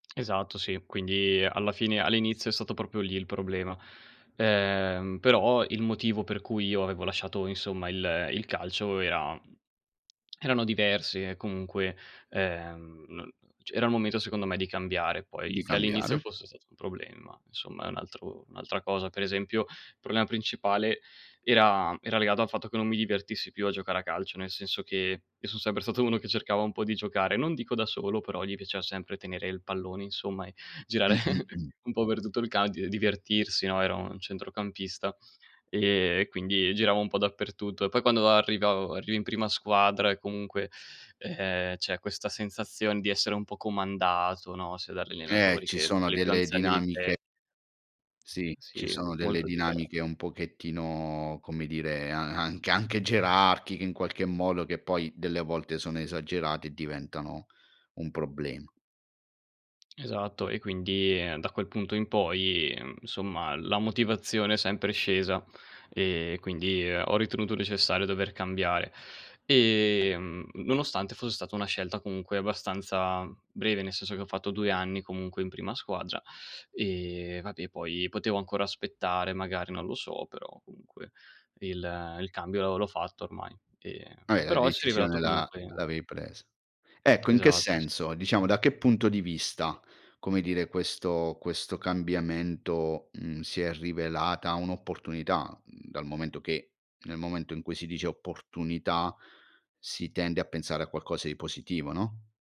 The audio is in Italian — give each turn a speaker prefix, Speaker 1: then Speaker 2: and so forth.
Speaker 1: Esatto, sì. Quindi alla fine, all'inizio è stato proprio lì il problema. Ehm, però il motivo per cui io avevo lasciato insomma il il calcio era erano diversi e comunque, ehm, n c era il momento secondo me di cambiare, poi
Speaker 2: Di
Speaker 1: che all'inizio
Speaker 2: cambiare.
Speaker 1: fosse stato un problema, insomma è un altro un'altra cosa. Per esempio il problema principale era era legato al fatto che non mi divertissi più a giocare a calcio, nel senso che che son sempre stato uno che cercava un po' di giocare, non dico da solo, però gli piaceva sempre tenere il pallone insomma e girare
Speaker 2: Mh. Mh. Mh.
Speaker 1: un po' per tutto il cad e divertirsi, no, ero un centrocampista, ehm, e quindi giravo un po' dappertutto. E poi quando arrivavo arrivi in prima squadra e comunque, ehm, c'è questa sensazione di essere un po' comandato, no, sia dagli
Speaker 2: Eh,
Speaker 1: allenatori
Speaker 2: ci
Speaker 1: che da
Speaker 2: sono
Speaker 1: quelli più
Speaker 2: delle
Speaker 1: anziani di
Speaker 2: dinamiche
Speaker 1: te.
Speaker 2: Sì, ci
Speaker 1: Sì,
Speaker 2: sono delle
Speaker 1: molto diverso.
Speaker 2: dinamiche un pochettino, come dire a anche anche gerarchiche in qualche modo, che poi delle volte sono esagerate e diventano un problem
Speaker 1: Esatto e quindi, ehm, da quel punto in poi, ehm, insomma la motivazione è sempre scesa, e quindi ho ritenuto necessario dover cambiare. Ehm, nonostante fosse stata una scelta comunque abbastanza breve, nel senso che ho fatto 2 anni comunque in prima squadra, ehm, vabbè poi potevo ancora aspettare magari, non lo so, però comunque il il cambio l'ho l'ho fatto ormai; ehm,
Speaker 2: Ah eh, la
Speaker 1: però si è rivelato
Speaker 2: decisione la
Speaker 1: comunque
Speaker 2: l'avevi presa. Ecco in che
Speaker 1: Esat s
Speaker 2: senso? Diciamo da che punto di vista, come dire, questo questo cambiamento, mhmm, si è rivelata un'opportunità, mhmm, dal momento che, nel momento in cui si dice opportunità, si tende a pensare a qualcosa di positivo, no?